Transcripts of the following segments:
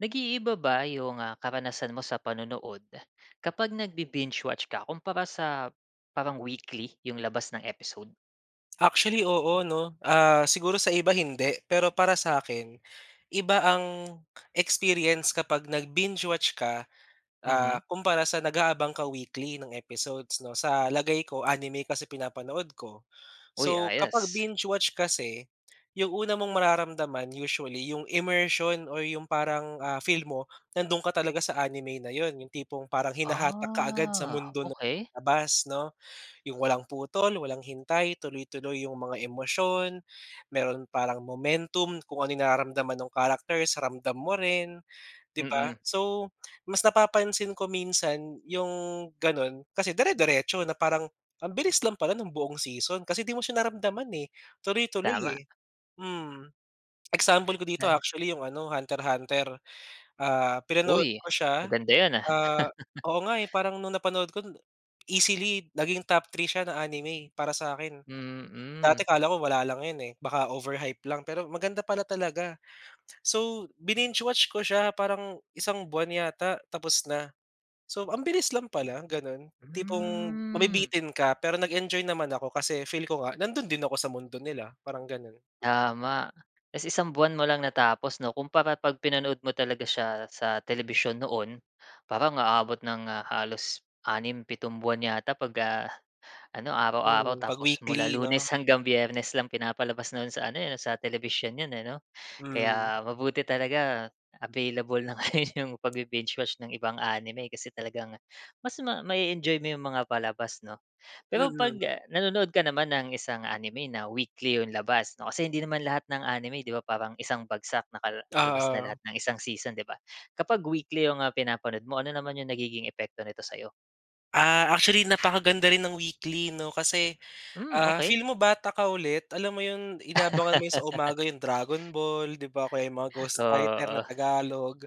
Nag-iiba ba yung, ah, karanasan mo sa panonood, kapag nagbi binge watch ka, kumpara sa parang weekly yung labas ng episode? Actually, oo 'no, ah, siguro sa iba hindi, pero para sakin, iba ang experience kapag nag binge watch ka, ah, Mhm. kumpara sa nag-aabang ka weekly ng episodes 'no. Sa lagay ko, anime kasi pinapanood ko. Uy, So, kapag ayos. binge-watch kasi, yung una mong mararamdaman usually yung immersion or yung parang, ah, feel mo nandun ka talaga sa anime na iyon. Yung tipong parang hinahatak kaagad sa Ah, mundo ng okey. labas 'no, yung walang putol, walang hintay, tuloy-tuloy yung mga emosyon, meron parang momentum, kung ano yung nararamdaman nung characters, ramdam mo rin, di ba? Mhm. So mas napapansin ko minsan, yung ganun kasi dire-diretso na, parang ang bilis lang pala nung buong season, kasi di mo siya naramdaman eh, tuloy-tuloy Tama. eh. Mm, example ko dito [unintelligible] actually yung ano, Hunter Hunter, ah, pinanood Uy, ko siya, maganda yan ah. ah oo nga eh, parang nung napanood ko, easily naging top 3 siya na anime para sakin. Mm. Dati kala ko wala lang iyon eh, baka overhype lang, pero maganda pala talaga. So bininge-watch ko siya, parang isang buwan yata tapos na. So ang bilis lang pala, ganun, tipong Hmm. mabibitin ka, pero nag-enjoy naman ako kasi feel ko nga nandoon din ako sa mundo nila, parang ganun. Tama. Tapos isang buwan mo lang natapos 'no kumpara pag pinanood mo talaga siya sa telebisyon noon, parang aabot ng ah, halos 6, 7 buwan yata pagka ano, araw-araw Mm, pag tapos mula weekly no? Lunes hanggang Biyernes lang pinapalabas noon sa ano eh, sa telebisyon iyon eh, no. Mm. Kaya mabuti talaga available na ngayon yung pagbibinge-watch ng ibang anime kasi talagang mas ma ma-eenjoy mo yung mga palabas, no? Pero pag, Mm. ah, nanonood ka naman ng isang anime na weekly yung labas, no? Kasi hindi naman lahat ng anime, 'di ba, parang isang bagsak nakalabas na lahat Oo. ng isang season, 'di ba? Kapag weekly yung, ah, mga pinapanood mo, ano naman yung nagiging epekto nito sa iyo? Ah, actually napakaganda rin ng weekly, 'no? Kasi, Hmm, ah, okey. feel mo bata ka ulit, alam mo 'yon, inaabangan mo 'yon sa umaga 'yong Dragon Ball, 'di ba, o kaya mga Ghost Fighter na Oo. Tagalog.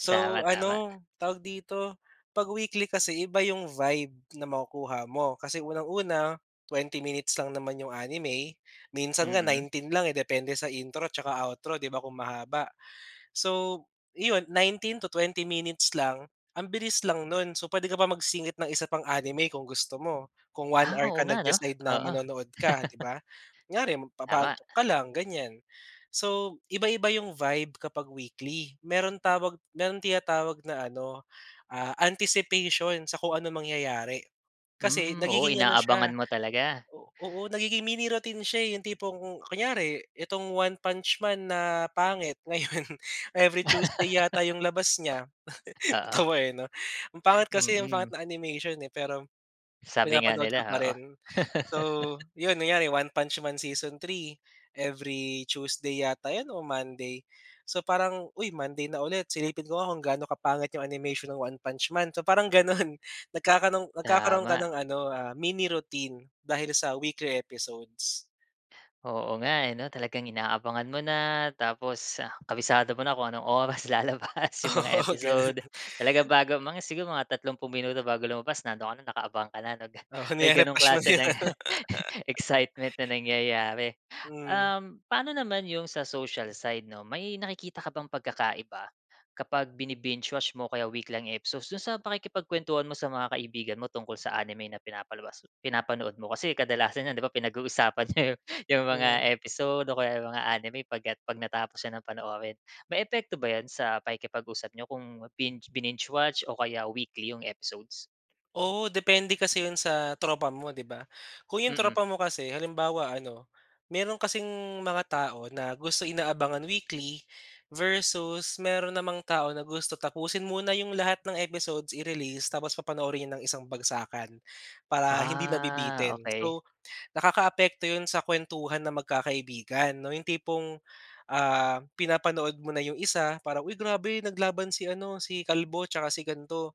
So, Tama, tama. ano tawag dito? 'Pag weekly kasi iba 'yong vibe na makukuha mo kasi unang-una, 20 minutes lang naman 'yong anime, minsan nga Mm. 19 lang eh, depende sa intro 'tsaka outro, 'di ba, kung mahaba. So, 'yon 19-20 minutes lang, ang bilis lang no'n so, puwede ka pa magsingit ng isa pang anime kung gusto mo, kung 1 Ah, hour oo ka nga 'no. nag-decide na Oo. manonood ka, 'di ba? Kunyari Tama. magpapaantok ka lang, ganyan. So, iba-iba 'yong vibe kapag weekly, mayro'n tawag may tinatawag na ano, ah, anticipation sa kung anong mangyayari. Kasi, Hmm, oo, nagiging ano siya inaabangan mo talaga. o oo, nagiging mini routine siya eh, 'yong tipong ku kunyari, itong One Punch Man na, pangit ngayon, every Tuesday yata 'yong labas niya. Oo. Natawa eh, 'no. Ang pangit kasi, ang pangit Mm. ng animation eh, pero, Sabi nga pinapanood nila, ko pa oo. rin. So, 'yon kunyari One Punch Man season 3 every Tuesday yata 'yon, o Monday. So parang, "Uy! Monday na ulit silipin ko nga kung gaano kapangit 'yong animation ng One Punch Man", so, parang gano'n. Nagkakaroon nagkakaroon ka Tama. ng ano, ah, mini routine dahil sa weekly episodes. Oo nga, eh, 'no, talagang inaabangan mo na, tapos kabisado mo na kung anong oras lalabas 'yong mga Oo, episode. gano'n. Talaga bago, mga siguro mga, 30 minuto bago lumabas nandoon ka na nakaabang ka na, 'no, ga Oo, may gano'ng nire-refresh mo na klase 'yong ng ano. excitement na nangyayari. Hmm. Um, paano naman 'yong sa social side 'no, may nakikita ka bang pagkakaiba, kapag bini-binge-watch mo, kaya week lang episodes, do'n sa pakikipagkuwentuhan mo sa mga kaibigan mo tungkol sa anime na pinapalabas pinapanood mo, kasi kadalasan niyan, 'di ba, pinag-uusapan niyo 'yong Hmm. mga episode, o kaya 'yong mga anime pagka 'pag natapos niyo ng panoorin. May epekto ba yan sa pakikipag-usap niyo kung binge bininge-watch, o kaya weekly 'yong episodes? Oo, depende kasi 'yon sa tropa mo, 'di ba? Kung 'yong Mm. tropa mo kasi halimbawa ano, meron kasing mga tao na gusto inaabangan weekly versus meron namang tao na gusto tapusin muna 'yong lahat ng episodes i-release tapos papanoorin 'yon ng isang bagsakan, para hindi Ah, nabibitin. okey. So, nakakaapekto 'yon sa kuwentuhan ng magkakaibigan, 'no, 'yong tipong, ah, pinapanood mo na 'yong isa para, "Uy grabe naglaban si ano, si kalbo 'tsaka si gan'to",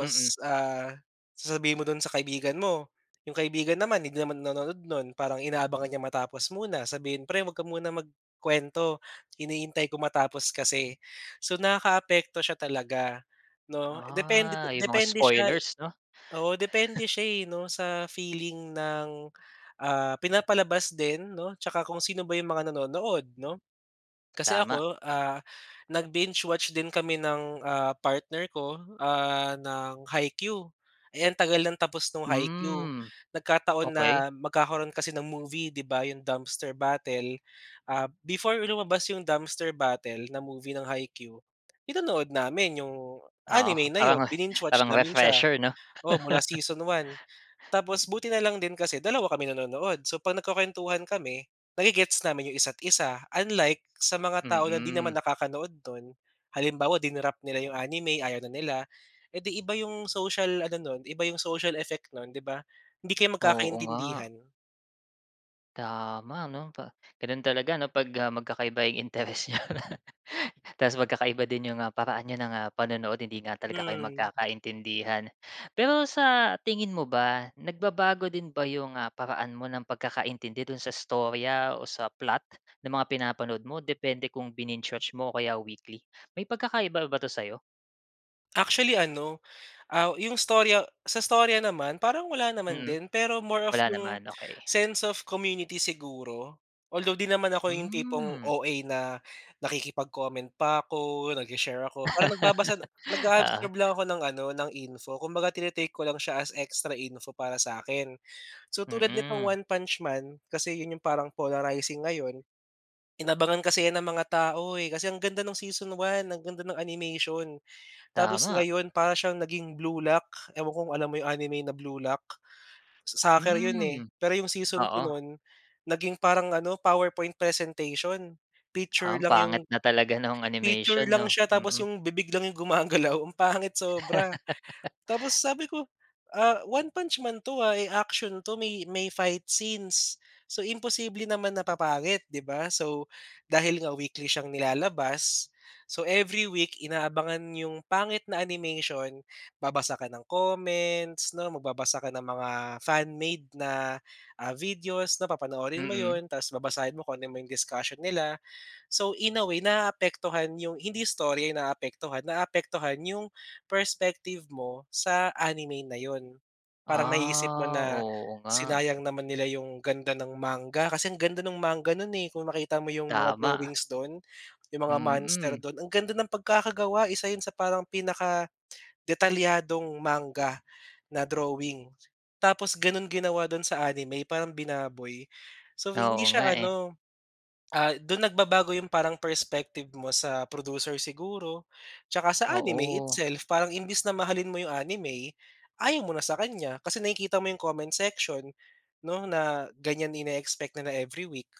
Mm. ah, sasabihin mo do'n sa kaibigan mo, 'yong kaibigan naman hindi naman nanonood no'n, parang inaabangan niya matapos muna, sabihin, "Pre huwag ka muna magkuwento, hinihintay ko matapos kasi". So, nakakaapekto siya talaga, 'no, depende Ah, 'yong mga depende siya spoilers, 'no? oo, depende siya eh, 'no, sa feeling ng, ah, pinapalabas din, 'no, 'tsaka kung sino ba 'yong mga nanonood 'no? Kasi Tama. ako, ah, nag-binge-watch din kami ng, ah, partner ko, ah, ng Haikyu. Eh, ang tagal ng tapos nung Haikyu, Hmm, nagkataon okey. na magkakaroon kasi ng movie, 'di ba, 'yong Dumpster Battle, ah, before lumabas 'yong Dumpster Battle na movie ng Haikyu, pinanood namin yung Oo, anime na parang 'yon. Bininge-watch parang namin siya, refresher, 'no? oo, mula season 1, tapos, buti na lang din kasi dalawa kami nanonood. So, 'pag nagkukuwentuhan kami na-ge-gets namin 'yong isa't isa. Unlike, sa mga tao na 'di naman Mm. nakakanood no'n. Halimbawa, di-nrop nila 'yong anime, ayaw na nila, edi iba 'yong social ano no'n, iba 'yong social effect no'n 'di ba? Hindi kayo Oo nga. magkakaintindihan. Tama 'no, pa gano'n talaga 'no 'pag, ah, magkakaiba yung interes niyo. Ta's magkakaiba din yung, ah, paraan niyo ng, ah, panonood, hindi nga talaga kayo Hmm. magkakaintindihan. Pero sa tingin mo ba, nagbabago din ba yung, ah, paraan mo ng pagkakaintindi dun sa istorya o sa plot ng mga pinapanood mo, depende kung bininge watch mo o kaya weekly? May pagkakaiba ba 'to sa'yo? Actually, ano, aw yung istorya sa istorya naman, parang wala naman Mm, din. Pero more of wala yung naman. Okey. sense of community siguro. Although di naman ako yung tipong Hmm. OA na nakikipag-comment pa ako, nagshi-share ako. Parang nagbabasa Oo. nag-a-absorb lang ako ng ano, ng info. Kumbaga tini-take ko lang siya as extra info para sa'kin. So, tulad nitong Mm. One Punch Man, kasi 'yon yung parang polarizing ngayon, inabangan kasi 'yan ng mga tao, eh, kasi ang ganda ng Season 1, ang ganda nung animation. Tapos Tama. ngayon para siyang naging Blue Luck, ewan ko kung alam mo yung anime na Blue Luck. Sa soccer 'yon, eh, Hmm, pero yung Season 2 oo. no'n, naging parang ano, PowerPoint presentation. Ha, Picture ang lang yung pangit na talaga nung picture animation lang 'no. siya tapos Mm. yung bibig lang yung gumagalaw, ang pangit sobra. Tapos sabi ko, ah, One Punch Man 'to, ah. Eh, action 'to, may may fight scenes. So, imposible naman na papangit, 'di ba? So, dahil nga weekly siyang nilalabas, so every week inaabangan yung pangit na animation, babasa ka ng comments 'no, magbabasa ka ng mga fan made na, ah, videos, 'na papanoorin mo Mm. 'yon, ta's babasahin mo kung ano man yung discussion nila. So, in a way naaapektuhan yung hindi istorya yung naapektuhan naaapektuhan yung perspective mo sa anime na 'yon. Parang naiisip mo Ah, na, oo nga. sinayang naman nila yung ganda ng manga kasi ang ganda nung manga no'n, eh, kung makita mo yung mga Tama. drawings do'n, yung mga monster Mm. do'n, ang ganda ng pagkakagawa. Isa 'yon sa parang pinaka-detalyadong manga na drawing. Tapos gano'n ginawa do'n sa anime, parang binaboy. So, hindi Oo nga, siya eh. ano ah, dun nagbabago yung parang perspective mo sa producer siguro tsaka sa anime Oo. itself, parang imbes na mahalin mo yung anime, ayaw mo na sa kaniya kasi nakikita mo yung comment section 'no, na ganiyan ine-expect na na every week.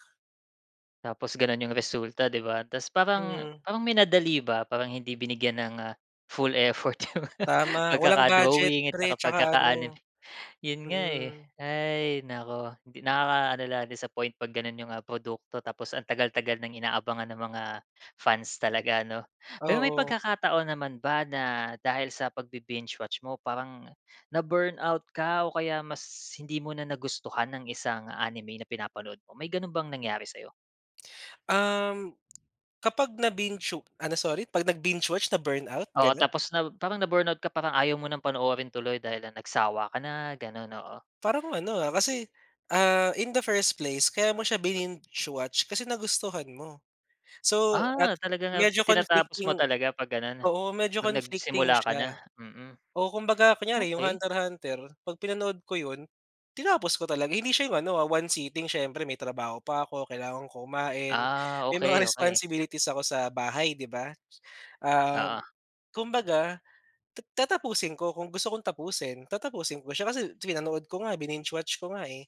Tapos gano'n 'yong resulta, 'di ba? Tapos parang Hmm. parang minadali ba, parang hindi binigyan ng, ah, full effort yung Tama. Walang budget pagkaka-drawing at pre tsaka tsaka ano pagkaka-anime. 'Yon nga, eh. mm. Hay naku! Hindi nakakaano lang, disappoint 'pag gano'n 'yong, ah, produkto tapos ang tagal-tagal ng inaabangan ng mga fans talaga 'no? Pero may Oo. pagkakataon naman ba na dahil sa pag-bi-binge-watch mo parang na-burnout ka o kaya mas hindi mo na nagustuhan ang isang anime na pinapanood mo? May gano'n bang nangyari sa'yo? Um, kapag nabinge wa ano, sorry? 'Pag nagbinge-watch na-burnout, Oo, ganun? tapos na parang na burnout ka, parang ayaw mo ng panoorin tuloy dahil lang nagsawa ka na, ganun, oo? Parang ano, ah, kasi, ah, in the first place kaya mo siya bininge-watch kasi nagustuhan mo. So, at Ah, talagang, ah, medyo tinatapos mo conflicting talaga 'pag gano'n? oo. Medyo 'Pag conflicting nagsimula ka na, siya mm. oo. Kumbaga kunyari, 'yong Okey. Hunter, Hunter. 'Pag pinanood ko 'yon, tinapos ko talaga. Hindi siya 'yong ano, ah, one seating. Siyempre, may trabaho pa ako, kailangan ko kumain, Ah, may mga okey, okey. responsibilities ako sa bahay, 'di ba? Ah, Oo. kumbaga, ta tatapusin ko kung gusto kong tapusin. Tatapusin ko siya kasi pinanood ko nga, bininge-watch ko nga, eh.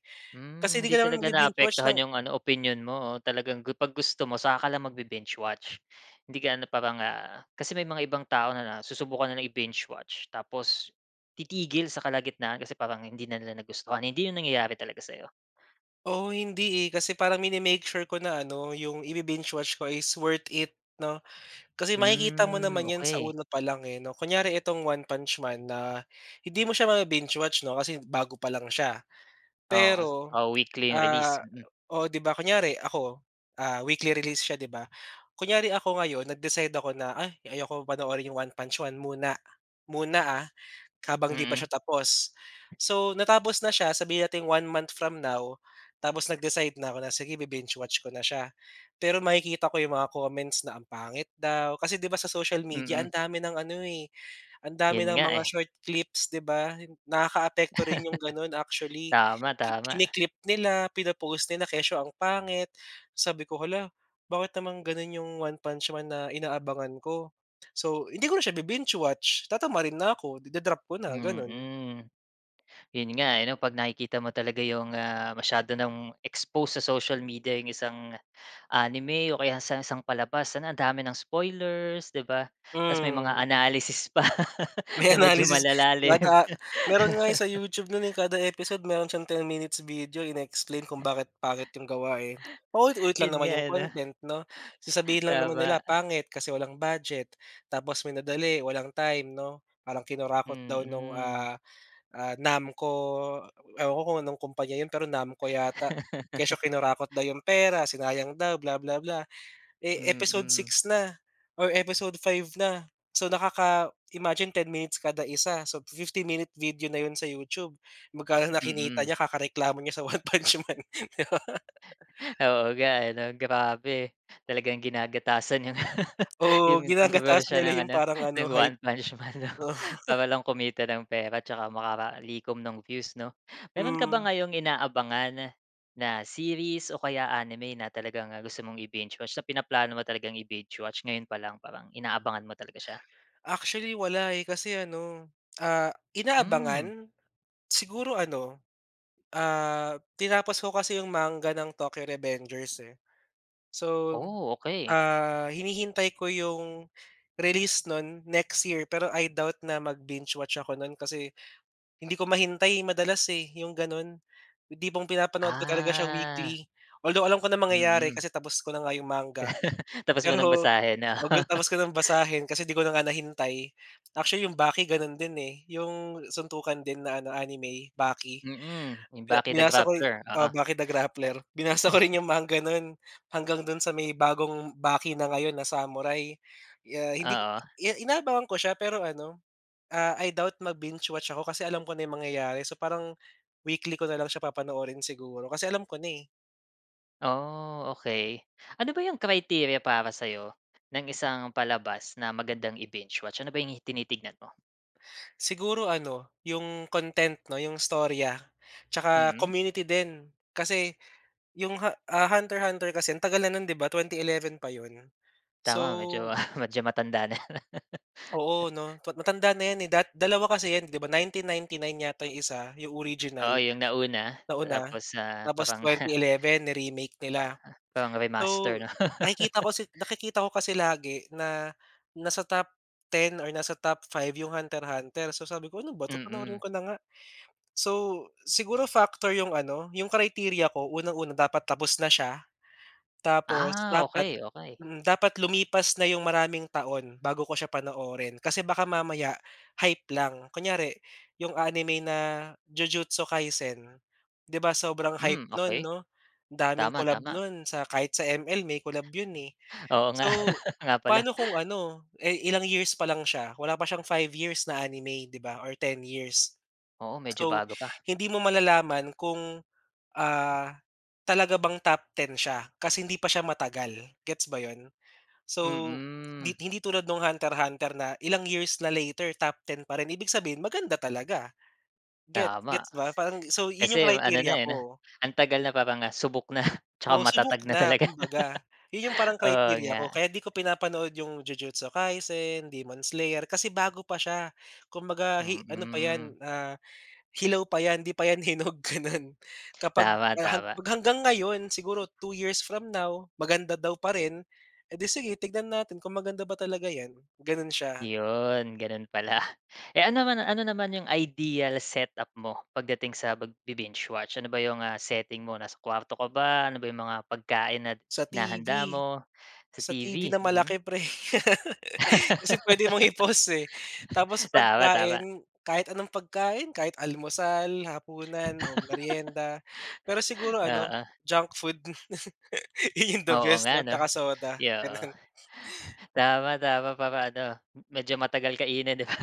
Kasi Mm. di Hindi ka naman talaga magbi-binge-watch naapektuhan ng 'yong ano, opinyon mo o talagang 'pag gusto mo saka ka lang mag-bi-binge-watch. Hindi ka ano, parang, ah, kasi may mga ibang tao na susubukan na lang i-binge watch tapos titigil sa kalagitnaan kasi parang hindi na nila nagustuhan. Hindi yun nangyayari talaga sa'yo? Oo. Hindi, eh. Kasi parang mini-make sure ko na ano, 'yong i-bi-binge-watch ko is worth it 'no. Kasi makikita mo Mm, naman yan sa okey. una pa lang, eh 'no. Kunyari itong One Punch Man na hindi mo siya mabi-binge-watch 'no, kasi bago pa lang siya. Oo, s Pero, oo. Weekly ang release, ah mm. oo, 'di ba kunyari ako, ah, weekly release siya, 'di ba? Kunyari ako ngayon nag-decide ako na, "Ay ayaw kong panoorin 'yong One Punch Man muna." Muna, ah, habang 'di pa siya Mm. tapos. So, natapos na siya, sabihin nating 1 month from now tapos nag-decide na ako na, "Sige, bi-binge-watch ko na siya." Pero makikita ko 'yong mga comments na ang pangit daw. Kasi 'di ba sa social media Mm. ang dami ng ano, eh, ang dami Yun ng nga, mga eh. short clips, 'di ba? Nakakaapekto rin 'yong gano'n actually. Tama, tama. Kini-clip nila, pina-post nila, kesyo ang pangit. Sabi ko, "Hala, bakit naman gano'n 'yong One Punch Man na inaabangan ko?" So, hindi ko na siya bi-binge-watch. Tatamarin na ako. Ida-drop ko na, gano'n. Mm. Yun nga, eh, ano, 'pag nakikita mo talaga yung, ah, masyado nang expose sa social media yung isang anime o kaya sa isang palabas ang dami ng spoilers, di ba? Tapos may mga Mm. analysis pa May na medyo analysis wa malalalim. da meron nga sa YouTube no'n, eh. Kada episode meron siyang 10 minutes video, ine-explain kung bakit pangit 'yong gawa, eh. Paulit-ulit lang Yun naman nga, 'yong eh, 'no? content 'no? Sasabihin lang naman Tama. nila pangit kasi walang budget tapos minadali, walang time, 'no? Parang kinurakot daw nung, Mm. ah, ah, NAMCO ewan ko, kung anong kumpanya 'yon, pero NAMCO yata. Kesyo kinurakot daw 'yong pera, sinayang daw, bla bla bla. Eh, episode Mm. 6 na or episode 5 na. So, nakaka imagine 10 minutes kada 1. So, 50 minute video na yun sa YouTube. Magkano na kinita Mm. niya kakareklamo niya sa One Punch Man. Oo nga, eh, 'no? Grabe! Talagang ginagatasan 'yong Oo, yung ginagatasan kontrobersiya nila ng yung ano, parang ano, ng hype. One Punch Man 'no para lang kumita ng pera tsaka makalikom ng views 'no? Meron ka ba Hmm. ngayong inaabangan na series o kaya anime na talagang gusto mong i-binge-watch na pinaplano mo talagang i-binge-watch ngayon pa lang parang inaabangan mo talaga siya? Actually, wala, eh. Kasi ano, ah, Mm. inaabangan? Siguro ano, ah, tinapos ko kasi 'yong manga ng Tokyo Revengers, eh. So, Oh, okey. ah, hinihintay ko 'yong release no'n next year, pero I doubt na mag-binge-watch ako no'n kasi hindi ko mahintay madalas, eh, 'yong gano'n. Yung tipong pinapanood ko talaga siya Ah. weekly. Although alam ko na mangyayari Mm. kasi tapos ko na nga 'yong manga, Tapos mo ng pero basahin 'no? tapos ko ng basahin kasi 'di ko na nga nahintay. Actually, 'yong Baki gano'n din, eh, 'yong suntukan din na ano, anime, Baki. Mm, 'yong Bi Baki The binasa ko Grappler, oo. oo. Baki the Grappler. Binasa ko rin 'yong manga nun hanggang do'n sa may bagong Baki na ngayon na samurai, ah, hindi Oo. i inaabangan ko siya, pero ano, ah, I doubt mag-binge-watch ako kasi alam ko na yung mangyayari. So, parang weekly ko na lang siya papanoorin siguro kasi alam ko na, eh. Oh, okey. Ano ba yung criteria para sa'yo ng isang palabas na magandang i-binge watch? Ano ba yung hi tinitignan mo? Siguro, ano, yung content, 'no, yung istorya, tsaka Mm. community din. Kasi yung ha ah, Hunter hunter kasi ang tagal na nun, 'di ba, 2011 pa yun. Tama, medyo, So ah, medyo matanda na. Oo, 'no. Pa matanda na 'yan, eh, da 2 kasi 'yan, 'di ba, 1999 yata yung 1, yung original, Oo, yung nauna. nauna. Tapos, ah, Tapos parang twenty eleven ni-remake Pana nila. parang So, remaster, 'no? nakikita ko si nakikita ko kasi lagi na nasa top 10 or nasa top 5 yung Hunter-hunter. So, sabi ko, "Ano ba 'to, panoorin Mm. ko na nga." So, siguro factor yung ano, yung criteria ko. Unang-una, dapat tapos na siya, tapos Ah, dapat okey, okey. mm. Dapat, lumipas na yung maraming taon bago ko siya panoorin. Kasi baka mamaya, hype lang, kunyari yung anime na Jujutsu Kaisen, 'di ba, sobrang hype Hmm, no'n okey. 'no, daming Tama, collab tama. no'n sa kahit sa ML, may collab yun, eh. Oo nga. So, Oo nga pala. pa'no kung ano, eh, ilang years pa lang siya, wala pa siyang 5 years na anime, 'di ba, or 10 years. Oo, medyo So, bago pa. hindi mo malalaman kung, ah, talaga bang top 10 siya kasi hindi pa siya matagal, gets ba 'yon? So, 'di Mm. hindi tulad noong Hunter hunter na ilang years na later, top 10 pa rin. Ibig sabihin, maganda talaga, get Tama. gets ba, Kasi parang so, yun kasi yung ano na, criteria eh, 'no, ko. ang tagal na parang, ah, subok na. Tsaka Oo, matatag subok na na, talaga. kumbaga. Yun yung parang Oo criteria ko nga. kaya 'di ko pinapanood yung Jujutsu Kaisen, Demon Slayer, kasi bago pa siya. Kumbaga hi ano pa Mm. 'yan, ah, hilaw pa 'yan, 'di pa 'yan hinog, gano'n. Kapag, Tama, ah, hag tama. hanggang ngayon, siguro 2 years from now, maganda daw pa rin, edi sige, tignan natin kung maganda ba talaga 'yan, gano'n siya. 'Yon, gano'n pala. Eh, ano naman ano naman yung ideal set up mo, pagdating sa pagbi-binge watch? Ano ba yung, ah, setting mo, nasa kuwarto ka ba? Ano ba yung mga pagkain at Sa hinahanda TV. mo? Sa Sa TV TV, na mm. malaki, pre. Kasi puwede mong i-pause, eh. Tapos sa Tama, tama. pagkain, kahit anong pagkain, kahit almusal, hapunan, o merienda. Pero siguro ano, Oo. junk food. Yun yung the Oo best nga, 'no, 'no. tsaka soda, Ay, oo. gano'n. Tama, tama, para ano, medyo matagal kainin, 'di ba?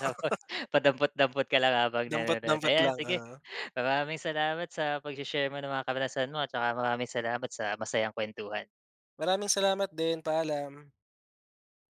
Tapos padampot-dampot ka lang habang Dampot, nanonood. dampot Ayan, lang, sige, oo. maraming salamat sa pagshe-share mo ng mga karanasan mo at tsaka maraming salamat sa masayang kuwentuhan. Maraming salamat din. Paalam.